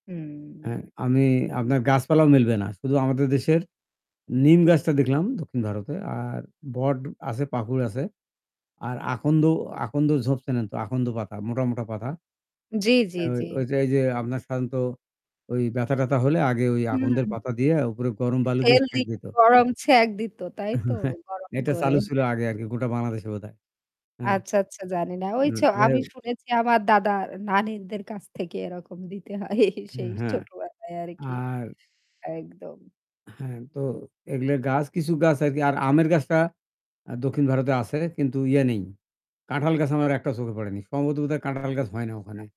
হ্যাঁ, হুম। আমি আপনার গাছপালাও মিলবে না। শুধু আমাদের দেশের নিম গাছটা দেখলাম দক্ষিণ ভারতে আর বট আছে পাকুড় আছে। আর আন্দ আকন্দ ঝোপ চেনেন তো আকন্দ পাতা মোটা, মোটা পাতা। জ্বি, তো জ্বি, জ্বি। ওইযে যে আপনার সাধারণত ওই ব্যাথা-ট্যাথা হলে আগে ওই হুম। আকন্দদের পাতা দিয়ে উপরে গরম বালু দিয়ে তেল সেক দিয়ে দিত। গরম ছাক দিত, তাইতো? গরম এটা করে। চালু ছিল আগে আরকি গোটা বাংলাদেশে বোধহয়। হ্যাঁ। আচ্ছা, আচ্ছা জানি না। এ ঐছ যাই আমি হোক। শুনেছি আমার দাদার-নানীদের কাছ থেকে এরকম দিতে হয়। এই, সেই হ্যাঁ। ছোটবেলায় আরকি। আর একদম। হ্যাঁ, তো এগুলো গাছ কিছু গাছ আরকি আর আমের গাছটা দক্ষিণ ভারতে আছে কিন্তু ইয়ে নেই। কাঁঠাল গাছ আমার একটা চোখে পড়েনি। সমভাবত বোধহয় কাঁঠাল গাছ হয় না ওখানে।